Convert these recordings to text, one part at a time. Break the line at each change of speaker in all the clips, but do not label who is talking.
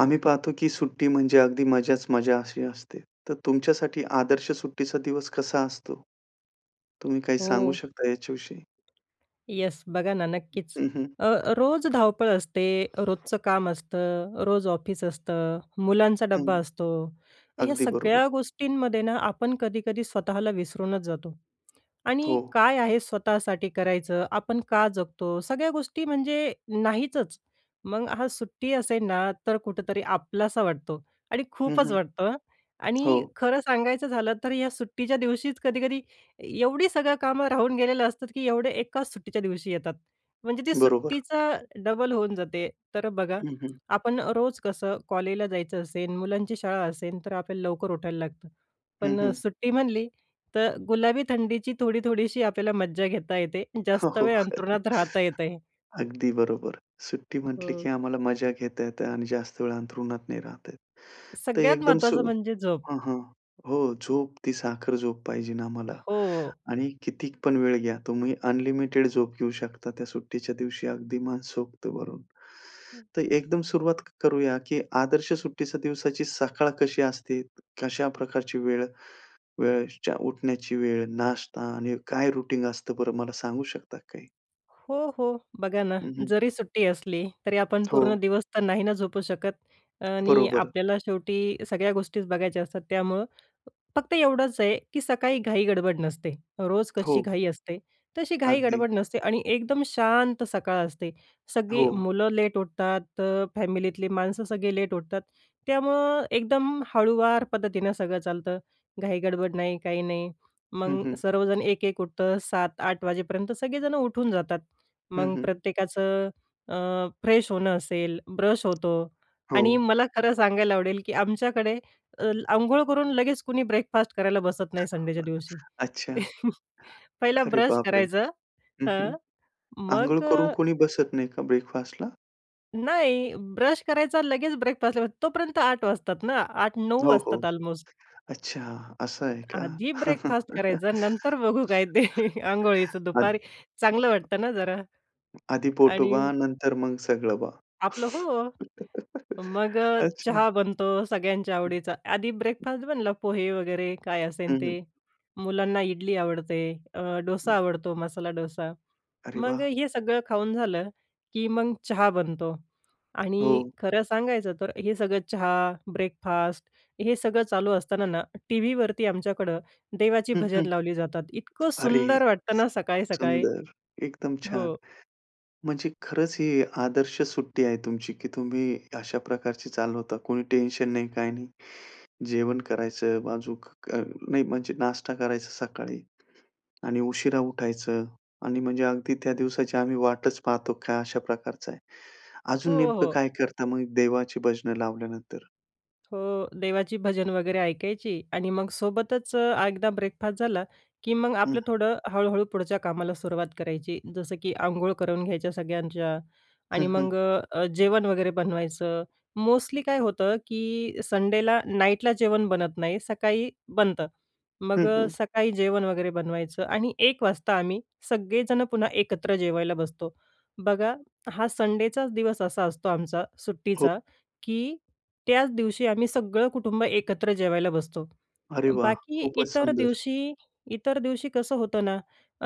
आम्ही पाहतो, की सुट्टी म्हणजे अगदी मजाच मजा अशी असते. तर तुमच्यासाठी आदर्श सुट्टीचा दिवस कसा असतो? तुम्ही काही सांगू
हो.
शकता याच्याविषयी?
येस, बघा ना, नक्कीच,
हं, हं.
अ, रोज धावपळ असते, रोजचं काम असतं, रोज ऑफिस असतं, मुलांचा
हं,
डब्बा असतो. या
अगदी
सगळ्या
बरोबर.
गोष्टींमध्ये ना, आपण कधीकधी स्वतःला विसरूनच जातो आणि
हो.
काय आहे, स्वतःसाठी करायचं, आपण का जगतो, सगळ्या गोष्टी म्हणजे नाहीचच. मग हां, सुट्टी असेल ना, तर कुठेतरी आपलासा वाटतो आणि
हं,
खूपच
हं,
वाटतं. आणि
हो.
खरं सांगायचं झालं, तर या सुट्टीच्या दिवशीच कधीकधी एवढी सगळी कामं राहून गेलेली असतात, की एवढं एकाच सुट्टीच्या दिवशी येतात, म्हणजे ती
बरोबर.
सुट्टीचा डबल होऊन जाते. तर बघा,
हं, हं.
आपण रोज कसं, कॉलेजला जायचं असेल, मुलांची शाळा असेल, तर आपल्याला लवकर उठायला लागतं.
हं,
पण
हं.
सुट्टी म्हटली, तर गुलाबी थंडीची थोडी-थोडीशी आपल्याला मज्जा घेता येते,
हो,
जास्त
हो.
वेळ अंथरुणात राहता येत आहे.
अगदी बरोबर, सुट्टी म्हटली,
हो.
की आम्हाला मजा घेता येत आणि जास्त वेळ अंथरुणात नाही राहता येत, तर
सगळ्यात
एकदम,
महत्त्वाचं
सो
म्हणजे झोप.
हां, हां, हो, झोप ती साखर झोप पाहिजेलं आम्हाला
हो.
आणि किती पण वेळ घ्या तुम्ही, अनलिमिटेड झोप घेऊ शकता त्या सुट्टीच्या दिवशी, अगदी मनसोक्त भरून.
हं.
तर एकदम सुरुवात करूया, की आदर्श सुट्टीच्या दिवसाची सकाळ कशी असते, कशा प्रकारची वेळ वेळच्या उठण्याची वेळ, नाश्ता आणि काय रूटीन असतं, बरं, मला सांगू शकता काही?
हो, हो, बघा ना,
हं, हं.
जरी सुट्टी असली, तरी आपण पूर्ण
हो.
दिवस तर नाही ना झोपू शकत आणि
बरोबर.
आपल्याला शेवटी सगळ्या गोष्टीच बघायच्या असतात. त्यामुळं फक्त एवढंच आहे, की सकाळी घाई-गडबड नसते. रोज कशी
हो.
घाई असते, तशी
अगदी.
घाई-गडबड नसते आणि एकदम शांत सकाळ असते. सगळी
हो.
मुलं लेट उठतं, फॅमिलीतली माणसं सगळे लेट उठतात, त्यामुळं एकदम हळूवार पद्धतीनं सगळं चालतं, घाई-गडबड नाही, काही नाही.
हं,
मग
हं.
सर्वजण एक-एक उठतात, सात-आठ वाजेपर्यंत सगळेजण उठून जातात.
हं,
मग
हं.
प्रत्येकाचं अ, फ्रेश होणं असेल, ब्रश होतो
हो.
आणि मला खरं सांगायला आवडेल, की आमच्याकडे अंघोळ करून लगेच कुणी ब्रेकफास्ट करायला बसत नाही, संडेच्या दिवशी.
[unintelligible] अच्छा.
पहिला
अरे
ब्रश
बापरे.
करायचं,
हं, हं,
हं,
अंघोळ
मग
करून कोणी बसत नाही का, ब्रेकफास्टला?
नाही, ब्रश करायचा लगेच ब्रेकफास्टला, तोपर्यंत 8 वाजतात ना, 8-9
हो, हो,
वाजतात. अल्मोस्ट.
अच्छा असं आहे का?
आधी ब्रेकफास्ट करायचा, नंतर बघू काय ते अंघोळीचं, दुपारी
आधी
चांगलं वाटतं ना जरा.
आधी
आणि
पोटोबा, नंतर मग सगळोबा
आपलं हो. मग
अच्छा.
चहा बनतो सगळ्यांच्या आवडीचा, आधी ब्रेकफास्ट बनला पोहे वगैरे काय असेल
हं, हं.
ते, मुलांना इडली आवडते अ, डोसा आवडतो, मसाला डोसा.
अरे
मग
वाह!
हे सगळं खाऊन झालं की मग, चहा बनतो आणि
हो.
खरं सांगायचं तर, हे सगळं चहा ब्रेकफास्ट हे सगळं चालू असताना ना, टीव्हीवरती आमच्याकडं देवाची
हं, हं.
भजन लावली जातात, इतकं
अरे
सुंदर वाटतं ना, सकाळी-सकाळी
सुंदर! एकदम छान!
हो.
म्हणजे खरंच ही आदर्श सुट्टी आहे तुमची की तुम्ही अशा प्रकारची चालवता, कोणी टेन्शन नाही, काही नाही. जेवण करायचं अजुक अ, नाही म्हणजे नाश्ता करायचा सकाळी आणि उशिरा उठायचं आणि म्हणजे अगदी, त्या दिवसाची आम्ही वाटच पाहतो का अशा प्रकारचं आहे. अजून
हो,
नेमकं
हो.
काय करता मग देवाची भजनं लावल्यानंतर?
हो. देवाची भजन वगैरे ऐकायची आणि मग सोबतच एकदा ब्रेकफास्ट झाला, की मग
हं.
आपलं थोडं हळू-हळू पुढच्या कामाला सुरुवात करायची. जसं की अंघोळ करून घ्यायच्या सगळ्यांच्या.
हं,
आणि मग
हं.
अ, अ, जेवण वगैरे बनवायचं. मोस्टली काय होतं, की संडेला नाईटला जेवण बनत नाही, सकाळी बनतं. मग
हं,
अ,
हं.
सकाळी जेवण वगैरे बनवायचं आणि एक वाजता आम्ही सगळेजण पुन्हा एकत्र जेवायला बसतो. बघा हा संडेचाच दिवस असा असतो आमचा
हो.
सुट्टीचा, की त्याच दिवशी आम्ही सगळं कुटुंब एकत्र जेवायला बसतो.
अरे वा!
बाकी
खूपच
इतर
सुंदर.
दिवशी इतर दिवशी कसं होतं ना,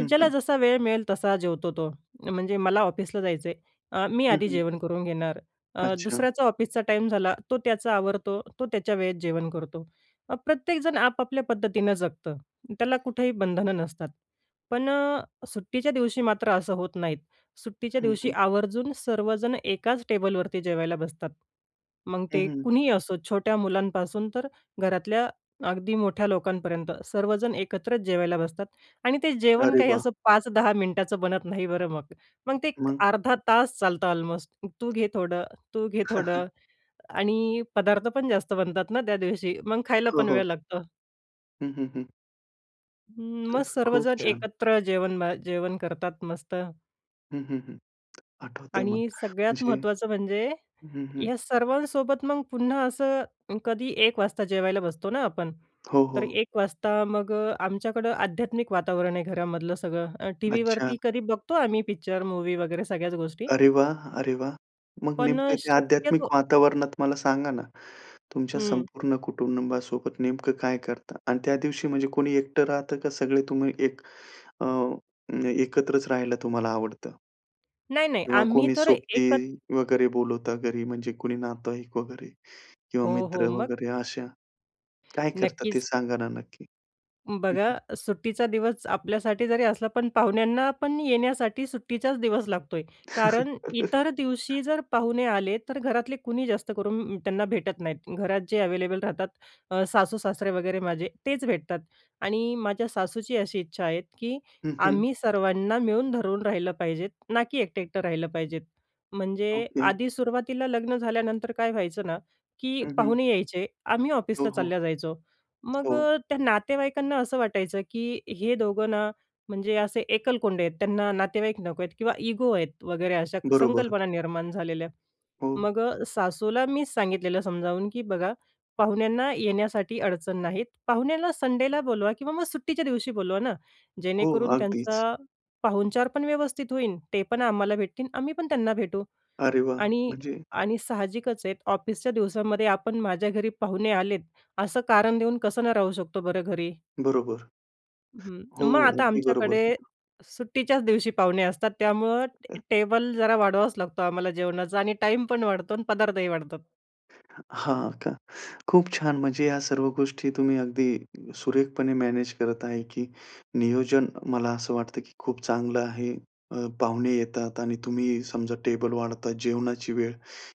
हं,
ज्याला
हं.
जसा वेळ मिळेल तसा जेवतो तो. म्हणजे मला ऑफिसला जायचं आहे अ, मी
हं,
आधी
हं.
जेवण करून घेणार. अ,
अच्छा.
दुसऱ्याचा ऑफिसचा टाईम झाला तो त्याचा आवरतो. तो त्याच्या वेळेत जेवण करतो. प्रत्येकजण आपापल्या पद्धतीनं जगतं. त्याला कुठेही बंधनं नसतात. पण अ, सुट्टीच्या दिवशी मात्र असं होत नाहीत. सुट्टीच्या
हं,
दिवशी
हं.
आवर्जून सर्वजण एकाच टेबलवरती जेवायला बसतात. मग
हं,
ते
हं.
कुणीही असो छोट्या मुलांपासून तर घरातल्या अगदी मोठ्या लोकांपर्यंत. सर्वजण एकत्रच जेवायला बसतात. आणि ते जेवण
अरे
काही
वा!
असं 5-10 मिनिटाचं बनत नाही बरं मग. मग ते
मग?
अर्धा तास चालतं ऑलमोस्ट. तू घे थोडं, तू घे थोडं आणि पदार्थ पण जास्त बनतात ना त्या दिवशी. मग खायला
हो,
पण
हो.
वेळ लागतो.
हं, हं, हं.
मग
तर खूप
सर्वजण
छान.
एकत्र जेवण बा जेवण करतात, मस्त.
हं, हं, हं. आठवतंय मला,
आणि सगळ्यात
म्हणजे
महत्त्वाचं म्हणजे
हं, हं.
या सर्वांसोबत, मग पुन्हा असं कधी 1 वाजता जेवायला बसतो ना आपण,
हो,
तर
हो.
1 वाजता मग अ, आमच्याकडं आध्यात्मिक वातावरण आहे घरामधलं, सगळं अ,
अच्छा.
टीव्हीवरती कधी बघतो आम्ही, पिक्चर, मूवी वगैरे सगळ्याच गोष्टी.
अरे वाह! अरे वाह! मग
पण
नेमकं ते आध्यात्मिक
शक्यतो
वातावरणात मला सांगा ना, तुमच्या
हं.
संपूर्ण कुटुंबासोबत नेमकं काय करता आणि त्या दिवशी, म्हणजे कोणी एकटं राहतं का, सगळे तुम्ही एक अ, एकत्रच राहायला तुम्हाला आवडतं?
नाही, नाही.
किंवा
आम्ही
कोणी
तर
सोबती
एकच
वगैरे बोलवता घरी, म्हणजे कोणी नातेवाईक वगैरे किंवा
हो,
मित्र
हो. मग?
वगैरे, अशा काय करता ते
नक्कीच.
सांगा ना, नक्की. हं, हं.
बघा, सुट्टीचा दिवस आपल्यासाठी जरी असला, पण पाहुण्यांना पण येण्यासाठी सुट्टीचाच दिवस लागतोय. कारण इतर दिवशी जर पाहुणे आले, तर घरातले कुणी जास्त करून त्यांना भेटत नाहीत. घरात जे अवेलेबल राहतात, अ, सासू-सासरे वगैरे माझे, तेच भेटतात आणि माझ्या सासूची अशी इच्छा आहे, की
हं, हं.
आम्ही सर्वांना मिळून धरून राहिलं पाहिजे ना, की एकटं-एकटं राहिलं पाहिजे. म्हणजे
ओके.
आधी सुरुवातीला लग्न झाल्यानंतर काय व्हायचं ना, की
हं, हं.
पाहुणे यायचे, आम्ही
हो,
ऑफिसला
हो.
चालल्या जायचो. मग
हो.
त्या नातेवाईकांना असं वाटायचं, की हे दोघं ना, म्हणजे असे एकलकोंडे आहेत, त्यांना नातेवाईक नको आहेत किंवा इगो आहेत, वगैरे अशा
बरोबर.
संकल्पना निर्माण झालेल्या.
हो.
मग अ, सासूला मी सांगितलेलं, समजावून, की बघा, पाहुण्यांना येण्यासाठी अडचण नाहीत, पाहुण्याला संडेला बोलवा किंवा मग सुट्टीच्या दिवशी बोलवा ना.
हो.
जेणेकरून
अगदीच.
त्यांचा पाहुणचार पण व्यवस्थित होईल, ते पण आम्हाला भेटतील, आम्ही पण त्यांना भेटू.
अरे वाह!
आणि
म्हणजे
आणि साहजिकच आहेत, ऑफिसच्या दिवसामध्ये आपण माझ्या घरी पाहुणे आलेत, असं कारण देऊन कसं न राहू शकतो बरं, घरी.
बरोबर.
हं.
हो.
मग आता
अगदी बरोबर.
आमच्याकडे
[unintelligible]
सुट्टीच्याच दिवशी पाहुणे असतात, त्यामुळं
अ
ट टेबल जरा वाढवावाच लागतो आम्हाला जेवणाचा आणि टाईम पण वाढतो आणि पदार्थही वाढतात.
हां का? खूप छान. म्हणजे या सर्व गोष्टी तुम्ही अगदी सुरेखपणे मॅनेज करत आहे, की नियोजन मला असं वाटतं, की खूप चांगलं आहे. अ, पाहुणे येतात आणि तुम्ही समजा टेबल वाढतात, जेवणाची वेळ,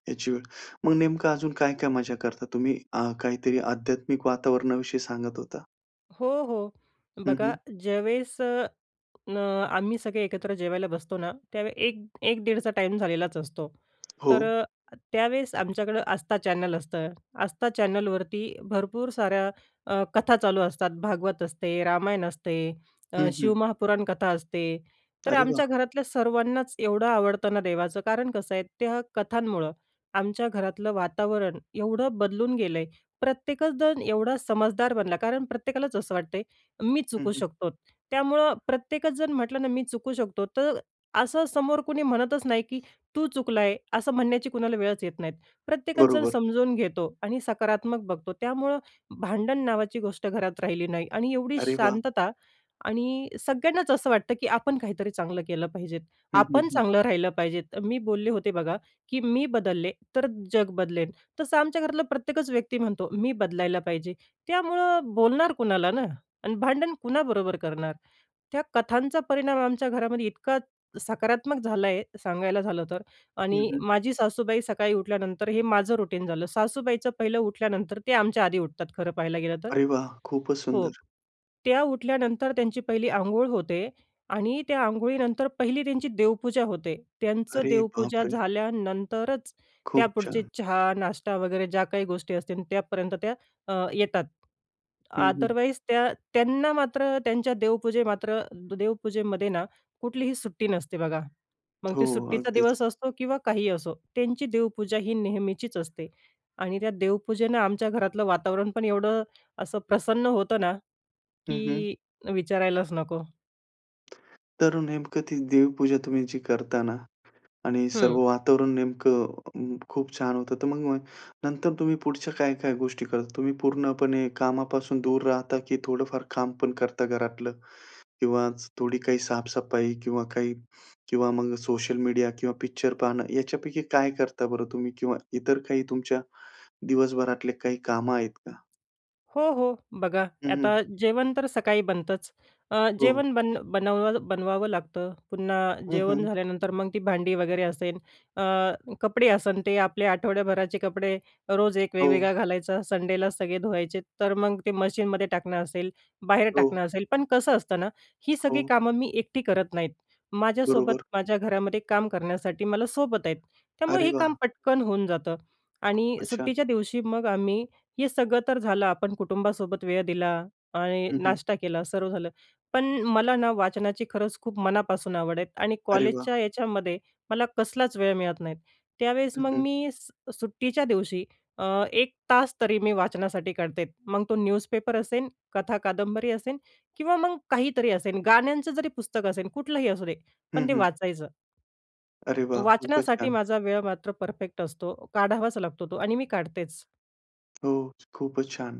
याची वेळ. मग नेमकं अजून काय-काय मजा करता तुम्ही? अ, काहीतरी आध्यात्मिक वातावरणाविषयी सांगत होता.
हो, हो.
हं,
बघा,
हं.
ज्यावेळेस न आम्ही सगळे एकत्र जेवायला बसतो ना, त्यावेळेस 1 1 दीडचा टाईम झालेलाच असतो. तर
हो.
अ, त्यावेळेस आमच्याकडं आस्था चॅनल असतं. आस्था चॅनलवरती भरपूर साऱ्या अ, कथा चालू असतात. भागवत असते, रामायण असते, अ,
हं, हं.
शिवमहापुराण कथा असते. तर
अरे
आमच्या
वाह!
घरातल्या सर्वांनाच एवढं आवडतं ना देवाचं कारण कसं आहे त्या कथांमुळं आमच्या घरातलं वातावरण एवढं बदलून गेलंय, प्रत्येकच जण एवढा समजदार बनला कारण प्रत्येकालाच असं वाटतंय, मी
हं,
चुकू
हं.
शकतो. त्यामुळं प्रत्येकच जण म्हटलं ना, मी चुकू शकतो, तर असं समोर कुणी म्हणतच नाही, की तू चुकलाय. असं म्हणण्याची कुणाला वेळच येत नाही. प्रत्येकच जण
बरोबर.
समजावून घेतो आणि सकारात्मक बघतो. त्यामुळं भांडण नावाची गोष्ट घरात राहिली नाही आणि एवढी
अरे वाह!
शांतता आणि सगळ्यांनाच असं वाटतं, की आपण काहीतरी चांगलं केलं पाहिजे.
हं, हं,
आपण
हं.
चांगलं राहिलं पाहिजे. मी बोलले होते बघा, की "मी बदलले तर जग बदलेल." तसं आमच्या घरातला प्रत्येकच व्यक्ती म्हणतो, "मी बदलायला पाहिजे." त्यामुळं बोलणार कुणाला ना? आणि भांडण कुणाबरोबर करणार? त्या कथांचा परिणाम आमच्या घरामध्ये इतका सकारात्मक झाला आहे, सांगायला झालं तर.
हं,
आणि
हं.
माझी सासूबाई सकाळी उठल्यानंतर हे माझं रुटीन झालं. सासूबाईचं पहिलं उठल्यानंतर ते आमच्या आधी उठतात खरं पाहायला गेलं तर
अरे वाह! खूपच
हो,
सुंदर.
त्या उठल्यानंतर त्यांची पहिली अंघोळ होते आणि त्या अंघोळीनंतर पहिली त्यांची देवपूजा होते. त्यांचं
अरे
देवपूजा
बापरे!
झाल्यानंतरच
खूप
त्यापुढचे
छान!
चहा, नाष्टा वगैरे ज्या काही गोष्टी असतील त्यापर्यंत त्या अ, येतात.
हं, हं.
अदरवाईज त्या त्यांना मात्र त्यांच्या देवपूजा मात्र, द देवपूजेमध्ये ना कुठलीही सुट्टी नसते बघा. मग
हो,
ती सुट्टीचा
अगदीच.
दिवस असतो किंवा काहीही असो. त्यांची देवपूजा ही नेहमीचीच असते आणि त्या देवपूजेनं आमच्या घरातलं वातावरण पण एवढं असं प्रसन्न होतं ना,
हं, हं.
की विचारायलाच नको.
तर नेमकं ती देवपूजा तुम्ही जी करता ना? आणि सर्व
हं.
वातावरण नेमकं अं, खूप छान होतं, तर मग मग नंतर तुम्ही पुढच्या काय-काय गोष्टी करता? तुम्ही पूर्णपणे कामापासून दूर राहता? की थोडंफार काम पण करता घरातलं? किंवा थोडी काही साफसफाई किंवा काही किंवा मग सोशल मीडिया किंवा पिक्चर पाहणं याच्यापैकी काय करता बरं तुम्ही? किंवा इतर काही तुमच्या दिवसभरातले काही कामं आहेत का?
हो, हो. बघा,
हं, हं.
आता जेवण तर सकाळी बनतंच. अ,
हो.
जेवण बन बनव बनवावं लागतं. पुन्हा
हं,
जेवण
हं.
झाल्यानंतर मग ती भांडी वगैरे असेल, अ, कपडे असन ते आपले आठवड्याभराचे कपडे रोज एक
हो.
वेगवेगळा घालायचा, संडेला सगळे धुवायचे, तर मग ते मशीनमध्ये टाकणं असेल, बाहेर
हो.
टाकणं असेल, पण कसं असतं ना, ही सगळी
हो.
कामं मी एकटी करत नाहीत. माझ्यासोबत,
बरोबर.
माझ्या घरामध्ये काम करण्यासाठी मला सोबत आहेत. त्यामुळे
अरे
हे काम
वाह!
पटकन होऊन जातं आणि
खूपच छान!
सुट्टीच्या दिवशी मग आम्ही हे सगळं तर झालं आपण कुटुंबासोबत वेळ दिला आणि
हं, हं.
नाश्ता केला, सर्व झालं, पण मला ना वाचनाची खरंच खूप मनापासून आवड आहे आणि
अरे वाह!
कॉलेजच्या याच्यामध्ये मला कसलाच वेळ मिळत नाही. त्यावेळेस
हं,
मग
हं.
मी स सुट्टीच्या दिवशी अ, 1 तास तरी मी वाचनासाठी काढते. मग तो न्यूजपेपर असेन, कथा, कादंबरी असेल किंवा मग काहीतरी असेल, गाण्यांचं जरी पुस्तक असेल कुठलंही असू दे
हं,
पण ते
हं.
वाचायचं.
अरे वाह! खूपच
वाचण्यासाठी
छान.
माझा वेळ मात्र परफेक्ट असतो. काढावाच लागतो तो आणि मी काढतेच.
हो, खूपच छान,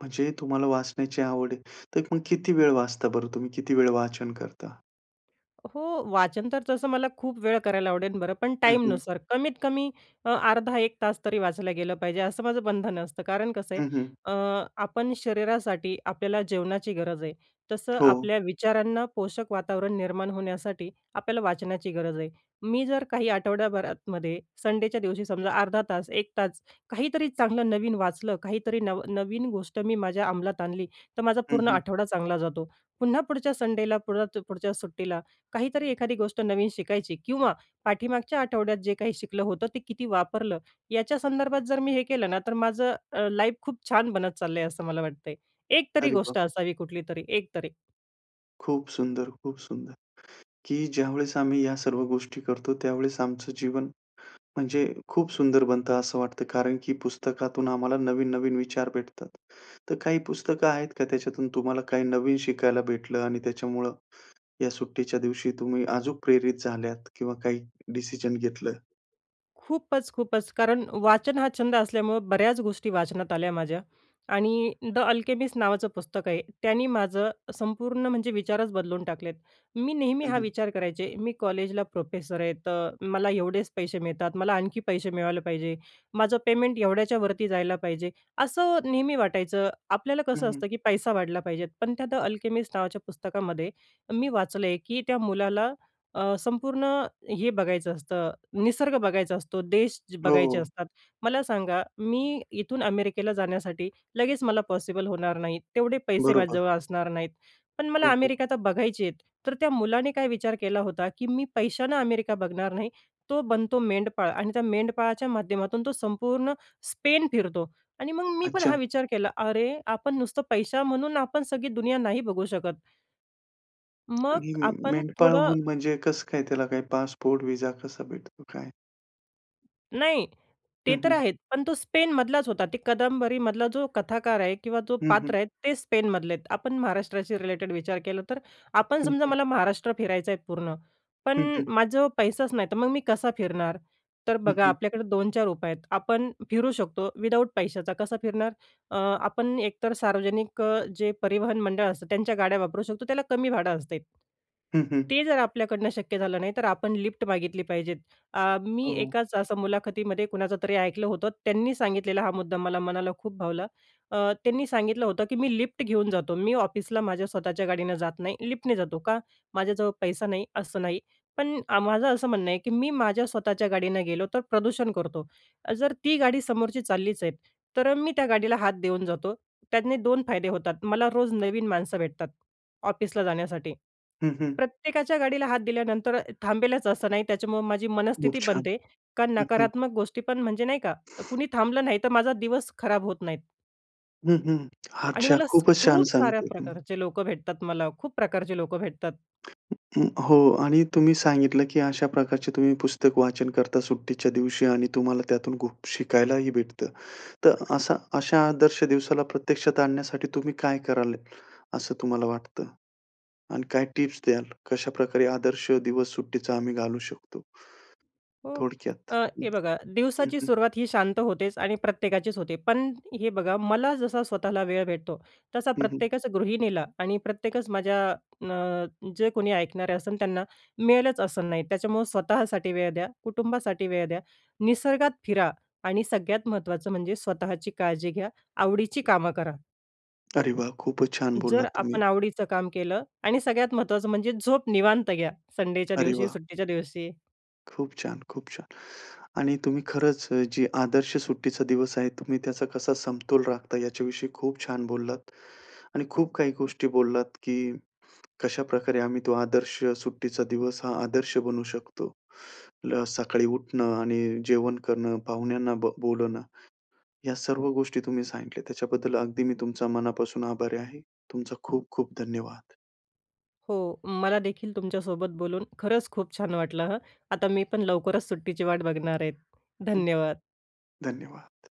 म्हणजे तुम्हाला वाचण्याची आवड आहे. तर मग किती वेळ वाचता बरं तुम्ही, किती वेळ वाचन करता?
हो, वाचन तर तसं मला खूप वेळ करायला आवडेल बरं, पण
हं, हं.
टाईमनुसार कमीत कमी अ, अर्धा-1 तास तरी वाचायला गेलं पाहिजे, असं माझं बंधन असतं. कारण कसं आहे,
हं, हं.
अ, आपण शरीरासाठी आपल्याला जेवणाची गरज आहे, तसं
हो.
आपल्या विचारांना पोषक वातावरण निर्माण होण्यासाठी आपल्याला वाचण्याची गरज आहे. मी जर काही आठवड्याभरातमध्ये, संडेच्या दिवशी, समजा अर्धा तास, 1 तास काहीतरी चांगलं नवीन वाचलं, काहीतरी नवं नवीन गोष्ट मी माझ्या अंमलात आणली, तर माझा
हं,
पूर्ण
हं.
आठवडा चांगला जातो. पुन्हा पुढच्या संडेला पुढ पुढच्या सुट्टीला, काहीतरी एखादी गोष्ट नवीन शिकायची किंवा पाठीमागच्या आठवड्यात जे काही शिकलं होतं, ते किती वापरलं, याच्या संदर्भात जर मी हे केलं ना, तर माझं अ, लाईफ खूप छान बनत चाललंय, असं मला वाटतंय. एकतरी
अरे
गोष्ट
वाह!
असावी, कुठली तरी एकतरी.
खूप सुंदर, खूप सुंदर, की ज्यावेळेस आम्ही या सर्व गोष्टी करतो, त्यावेळेस आमचं जीवन, म्हणजे खूप सुंदर बनतं, असं वाटतं. कारण की पुस्तकातून आम्हाला नवीन-नवीन विचार भेटतात. तर काही पुस्तकं आहेत का, त्याच्यातून तुम्हाला काही नवीन शिकायला भेटलं? आणि त्याच्यामुळं या सुट्टीच्या दिवशी तुम्ही अजूक प्रेरित झाल्यात किंवा काही डिसिजन घेतलं?
खूपच, खूपच, कारण वाचन हा छंद असल्यामुळं बऱ्याच गोष्टी वाचनात आल्या माझ्या आणि द अल्केमिस्ट नावाचं पुस्तक आहे, त्यांनी माझं संपूर्ण म्हणजे विचारच बदलून टाकलेत. मी नेहमी
हं,
हा
हं.
विचार करायचे, मी कॉलेजला प्रोफेसर आहे, तर मला एवढेच पैसे मिळतात, मला आणखी पैसे मिळायला पाहिजे, माझं पेमेंट एवढ्याच्या वरती जायला पाहिजे, असं नेहमी वाटायचं. आपल्याला
हं,
कसं
हं.
असतं, की पैसा वाढला पाहिजे. पण त्या द अल्केमिस्ट नावाच्या पुस्तकामध्ये मी वाचलं, की त्या मुलाला अ, संपूर्ण हे बघायचं असतं, निसर्ग बघायचा असतो, देश बघायचे
हो.
असतात. मला सांगा, मी इथून अमेरिकेला जाण्यासाठी लगेच मला पॉसिबल होणार नाहीत, तेवढे पैसे
बरोबर.
माझ्याजवळ असणार नाहीत. पण मला
हो, हो.
अमेरिका आता बघायचे आहेत. तर त्या मुलाने काय विचार केला होता, की मी पैशानं अमेरिका बघणार नाही, तो बनतो मेंढपाळ आणि त्या मेंढपाळाच्या माध्यमातून तो संपूर्ण स्पेन फिरतो आणि मग मी पण हा
अच्छा.
विचार केला, अरे, आपण नुसतं पैशा म्हणून आपण सगळी दुनिया नाही बघू शकत. मग
आणि
आपण थोडं
मेंढपाळहून म्हणजे कसं काय त्याला काय पासपोर्ट, व्हिसा कसा भेटतो? काय?
नाही, ते
हं,
तर
हं.
आहेत. पण तो स्पेनमधलाच होता. ते कादंबरीमधला जो कथाकार आहे किंवा जो
हं, हं.
पात्र आहे ते स्पेनमधले आहेत. आपण महाराष्ट्राशी रिलेटेड विचार केला तर, आपण
हं,
समजा
हं.
मला महाराष्ट्र फिरायचं आहे पूर्ण, पण
हं, हं.
माझ्याजवळ पैसाच नाही, तर मग मी कसा फिरणार? तर
हं,
बघा
हं.
आपल्याकडे 2-4 उपाय आहेत. आपण फिरू शकतो विदाऊट पैशाचा. कसा फिरणार? अ, आपण एकतर सार्वजनिक अ, जे परिवहन मंडळ असतं, त्यांच्या गाड्या वापरू शकतो. त्याला कमी भाडं असते.
हं, हं.
ते जर आपल्याकडनं शक्य झालं नाही, तर आपण लिफ्ट मागितली पाहिजेत. अ, मी
हो, हो.
एकाच असं मुलाखतीमध्ये कुणाचं तरी ऐकलं होतं. त्यांनी सांगितलेला हा मुद्दा मला मनाला खूप भावला. अ, त्यांनी सांगितलं होतं की मी लिफ्ट घेऊन जातो. मी ऑफिसला माझ्या स्वतःच्या गाडीनं जात नाही. लिफ्टने जातो. का? माझ्याजवळ पैसा नाही असं नाही. पण आ माझं असं म्हणणं आहे की मी माझ्या स्वतःच्या गाडीनं गेलो तर प्रदूषण करतो. अ जर ती गाडी समोरची चाललीच आहे, तर अ, मी त्या गाडीला हात देऊन जातो. त्याने 2 फायदे होतात मला रोज नवीन माणसं भेटतात ऑफिसला जाण्यासाठी.
हं, हं.
प्रत्येकाच्या गाडीला हात दिल्यानंतर अ थांबेलच असं नाही, त्याच्यामुळं माझी
खूप
मनस्थिती
छान.
बनते, कारण
हं, हं.
नकारात्मक गोष्टी पण म्हणजे नाही का, कोणी थांबलं नाही, तर माझा दिवस खराब होत नाहीत.
हं, हं,
आणि
अच्छा,
मला
खूपच छान
खूप साऱ्या
सांगताय तुम्ही.
प्रकारचे लोकं भेटतात, मला खूप प्रकारचे लोकं भेटतात.
हो, आणि तुम्ही सांगितलं, की अशा प्रकारचे तुम्ही पुस्तक वाचन करता सुट्टीच्या दिवशी आणि तुम्हाला त्यातून खूप शिकायलाही भेटत. तर अशा अशा आदर्श दिवसाला प्रत्यक्षात आणण्यासाठी तुम्ही काय कराल, असं तुम्हाला वाटतं आणि काय टिप्स द्याल? कशाप्रकारे आदर्श दिवस सुट्टीचा आम्ही घालू शकतो?
हो,
थोडक्यात,
अ, हे
हं,
बघा, दिवसाची
हं.
सुरुवात ही शांत होतेच आणि प्रत्येकाचीच होते, पण हे बघा, मला जसा स्वतःला वेळ भेटतो, तसा
हं, हं.
प्रत्येकच गृहिणीला आणि प्रत्येकच माझ्या अ, जे कोणी ऐकणारे असन, त्यांना मिळेलच असं नाही. त्याच्यामुळं स्वतःसाठी वेळ द्या, कुटुंबासाठी वेळ द्या, निसर्गात फिरा आणि सगळ्यात महत्त्वाचं म्हणजे स्वतःची काळजी घ्या, आवडीची कामं करा.
अरे वाह! खूपच छान
जर
बोललात तुम्ही.
आपण आवडीचं काम केलं आणि सगळ्यात महत्त्वाचं म्हणजे झोप निवांत घ्या, संडेच्या
अरे
दिवशी,
वाह!
सुट्टीच्या दिवशी.
खूप छान, खूप छान, आणि तुम्ही खरंच जी आदर्श सुट्टीचा दिवस आहे, तुम्ही त्याचा कसा समतोल राखता, याच्याविषयी खूप छान बोललात आणि खूप काही गोष्टी बोललात, की कशाप्रकारे आम्ही तो आदर्श सुट्टीचा दिवस हा आदर्श बनू शकतो. सकाळी उठणं आणि जेवण करणं, पाहुण्यांना बोलवणं, या सर्व गोष्टी तुम्ही सांगितल्या, त्याच्याबद्दल अगदी मी तुमचा मनापासून आभारी आहे, तुमचा खूप-खूप धन्यवाद.
हो, मला देखील तुमच्यासोबत बोलून खरंच खूप छान वाटलं, हं, आता मी पण लवकरच सुट्टीची वाट बघणार आहे.
हं,
धन्यवाद.
धन्यवाद.